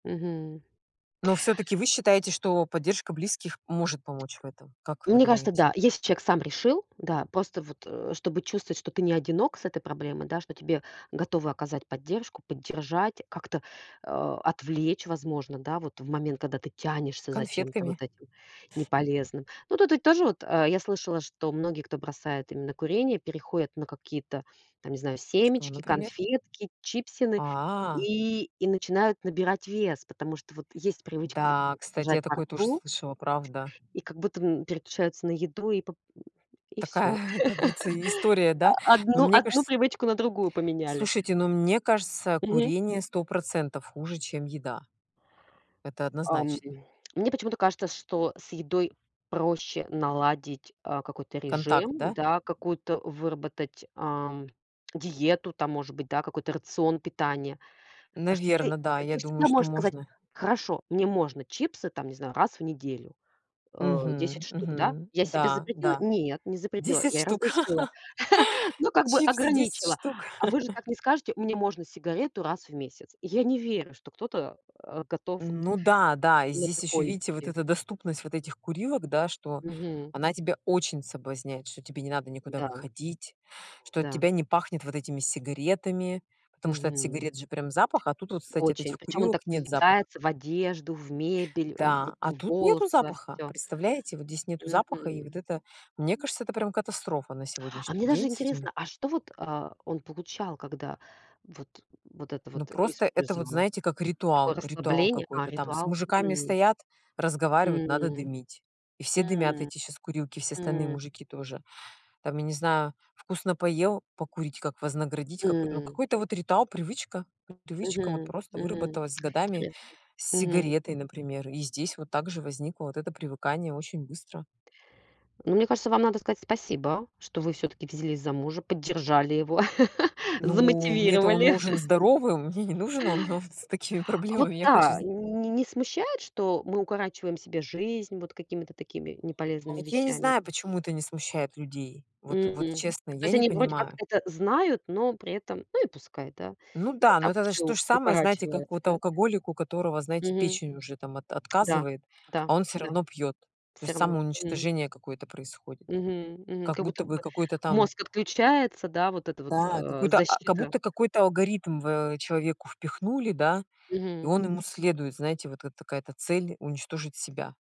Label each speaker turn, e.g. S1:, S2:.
S1: Мгм.
S2: Но всё-таки вы считаете, что поддержка близких может помочь в этом? Как вы
S1: Мне кажется, да.
S2: думаете?
S1: Если человек сам решил, да. Просто вот, э, чтобы чувствовать, что ты не одинок с этой проблемой, да, что тебе готовы оказать поддержку, поддержать, как-то, э, отвлечь, возможно, да, вот в момент, когда ты тянешься за чем-то вот
S2: Конфетками.
S1: этим неполезным. Ну, тут ведь тоже вот, э, я слышала, что многие, кто бросает именно курение, переходят на какие-то, там, не знаю,
S2: Что,
S1: семечки,
S2: например?
S1: конфетки, чипсины
S2: А.
S1: и и начинают набирать вес, потому что вот есть привычка вот
S2: Да,
S1: [unintelligible]
S2: кстати,
S1: держать
S2: я
S1: во
S2: такое тоже
S1: рту,
S2: слышала, правда.
S1: и как будто, м, переключаются на еду и поп и всё.
S2: Такая, как говорится, и история, да?
S1: А
S2: Но
S1: одну
S2: мне
S1: одну
S2: кажется
S1: привычку на другую поменяли.
S2: Слушайте, но мне кажется,
S1: Мгм.
S2: курение 100 % хуже, чем еда. Это
S1: Ам,
S2: однозначно.
S1: м мне почему-то кажется, что с едой проще наладить, а, какой-то
S2: Контакт,
S1: режим,
S2: да?
S1: да, какую-то выработать, ам, диету, там, может быть, да, какой-то рацион питания. А что ты,
S2: Наверно, да.
S1: э,
S2: Я
S1: ты
S2: думаю,
S1: всегда
S2: что
S1: можешь сказать:
S2: можно.
S1: "Хорошо, мне можно чипсы, там, не знаю, раз в неделю. Э, 10
S2: Мгм
S1: штук, да?
S2: мгм.
S1: Я себе
S2: Да,
S1: запретила?
S2: да.
S1: Нет, не запретила.
S2: 10
S1: Я
S2: штук.
S1: разрешила. Ну, как бы
S2: Чипсы 10
S1: ограничила".
S2: штук.
S1: А вы же так не скажете: "Мне можно сигарету раз в месяц". Я не верю, что кто-то, а, готов
S2: Н ну да-да. И
S1: на
S2: здесь ещё,
S1: такое
S2: видите, вот
S1: идти.
S2: эта доступность вот этих курилок, да? Что
S1: Мгм.
S2: она тебя очень соблазняет. Что тебе не надо никуда
S1: Да.
S2: выходить. Что от
S1: Да.
S2: тебя не пахнет вот этими сигаретами. Потому что от
S1: Мгм.
S2: сигарет же прям запах, а тут вот, кстати, от этих
S1: Очень. Причём он
S2: курилок
S1: так
S2: нет запаха.
S1: въедается в одежду, в мебель, э, вот
S2: Да, а
S1: в
S2: тут
S1: волосы,
S2: нету
S1: во
S2: запаха.
S1: всё.
S2: Представляете, вот здесь нету запаха, и
S1: Мгм.
S2: вот это, мне кажется, это прям катастрофа на
S1: А
S2: сегодняшний
S1: мне даже
S2: день с этими
S1: интересно, а что вот, а, он получал, когда вот, вот это
S2: Ну,
S1: вот
S2: просто это вот,
S1: использовал?
S2: знаете, как
S1: Такое
S2: ритуал ритуал
S1: расслабление а,
S2: какой-то там, с
S1: ритуал?
S2: мужиками
S1: Мгм.
S2: стоят, разговаривают, надо
S1: М,
S2: дымить. И все дымят,
S1: м,
S2: эти сейчас курилки, все остальные
S1: м.
S2: мужики тоже. Там, я не знаю, вкусно поел, покурить, как вознаградить какой ну,
S1: М.
S2: какой-то вот ритуал, привычка. привычка вот
S1: Мгм
S2: просто
S1: мгм.
S2: выработалась с годами
S1: Интересно.
S2: с
S1: Мгм.
S2: сигаретой, например. И здесь вот также возникло вот это привыкание очень быстро.
S1: Ну, мне кажется, вам надо сказать спасибо, что вы всё-таки взялись за мужа, поддержали его,
S2: Ну, мне-то он
S1: замотивировали.
S2: нужен здоровым, мне не нужен он он с такими
S1: А вот
S2: проблемами. Я хочу
S1: да,
S2: з
S1: нь не не смущает, что мы укорачиваем себе жизнь вот какими-то такими
S2: А
S1: неполезными
S2: вот я не
S1: вещами?
S2: знаю, почему это не смущает людей. Вот вот,
S1: М.
S2: честно,
S1: То
S2: я
S1: есть
S2: не
S1: они вроде как
S2: понимаю.
S1: это знают, но при этом Ну и пускай, да?
S2: Ну
S1: Не
S2: да, но
S1: так
S2: это
S1: уж и
S2: значит то
S1: у
S2: же самое, знаете, как
S1: укорачивается,
S2: вот
S1: да?
S2: алкоголик, у которого, знаете,
S1: Мгм.
S2: печень уже там от
S1: Да,
S2: отказывает,
S1: да,
S2: а он всё
S1: да.
S2: равно пьёт. То
S1: Всё
S2: есть
S1: равно. Мгм.
S2: самоуничтожение какое-то происходит.
S1: Мгм мгм.
S2: Как
S1: Как
S2: будто
S1: будто бы
S2: бы какой-то там
S1: мозг отключается, да, вот эта вот,
S2: Да,
S1: а,
S2: какой-то а, как
S1: защита.
S2: будто какой-то алгоритм в человеку впихнули, да, и
S1: Мгм.
S2: он ему следует. Знаете, вот как такая-то цель- уничтожить себя.